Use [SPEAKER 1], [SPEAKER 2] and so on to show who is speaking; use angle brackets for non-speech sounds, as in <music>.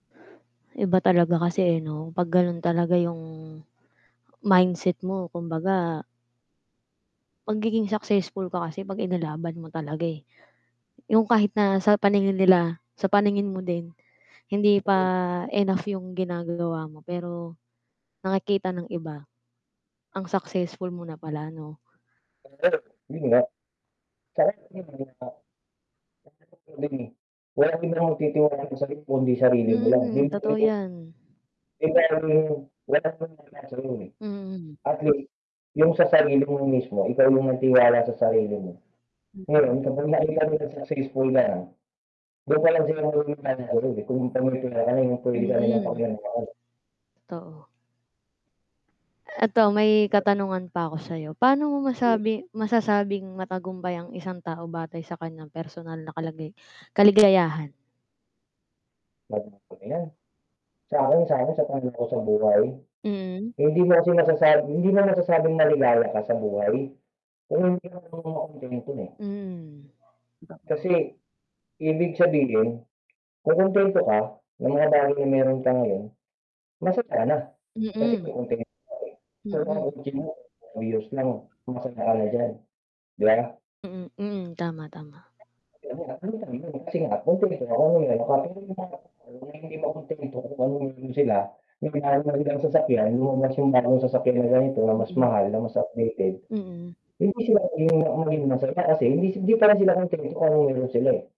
[SPEAKER 1] Iba talaga kasi, eh, 'no, pag ganun talaga yung mindset mo kumbaga magiging successful ka kasi 'pag inilaban mo talaga, eh. Yung kahit na sa paningin nila, sa paningin mo din, hindi pa
[SPEAKER 2] Mhm.
[SPEAKER 1] enough yung ginagawa mo, pero nakikita ng iba, ang successful mo na pala 'no.
[SPEAKER 2] <unintelligible> yun nga. <unintelligible> <unintelligible> mo. Walang ibang magtitiwala sa sarili mo kundi sarili mo lang.
[SPEAKER 1] Mm, totoo
[SPEAKER 2] <unintelligible>
[SPEAKER 1] 'yan.
[SPEAKER 2] <unintelligible>
[SPEAKER 1] Mm.
[SPEAKER 2] At least, yung sa sarili mo mismo ikaw yung may tiwala sa sarili mo.
[SPEAKER 1] Mm.
[SPEAKER 2] Ngayon kapag nakita nilang successful ka na, dun palang sila maniniwala sa'yo, eh.
[SPEAKER 1] Mm.
[SPEAKER 2] <unintelligible>
[SPEAKER 1] Totoo. Eto may katanungan pa ko sayo, paano mo
[SPEAKER 2] Hmm.
[SPEAKER 1] masabi masasabing matagumpay ang isang tao batay sa kanyang personal na kalagay kaligayahan?
[SPEAKER 2] <unintelligible> ko na 'yan. Sa'kin sa'kin sa tanong ko sa buhay,
[SPEAKER 1] Mm.
[SPEAKER 2] hindi mo kasi masasabi hindi mo masasabing maligaya ka sa buhay, kung hindi ka marunong makontento, eh.
[SPEAKER 1] Hmm. Totoo.
[SPEAKER 2] Kasi ibig sabihin, kung kontento ka sa mga bagay na meron ka ngayon, masaya ka na kasi
[SPEAKER 1] Mm.
[SPEAKER 2] na kontento ka na, eh. Kung ang
[SPEAKER 1] Mm.
[SPEAKER 2] kotse mo ay used na, na masaya ka na diyan, 'di ba?
[SPEAKER 1] Mm, tama, tama.
[SPEAKER 2] Kasi nga kontento kana, kasi nga kuntento <unintelligible> kuntento <unintelligible> hindi marunong makontento kung anong meron sila <unintelligible> sasakyan, lumabas yung bagong sasakyan na ganito na mas
[SPEAKER 1] Mm.
[SPEAKER 2] mahal, na mas updated.
[SPEAKER 1] Mm.
[SPEAKER 2] Hindi mo siya <unintelligible> masaya kasi hin hindi parin sila kontento kung anong meron sila, eh.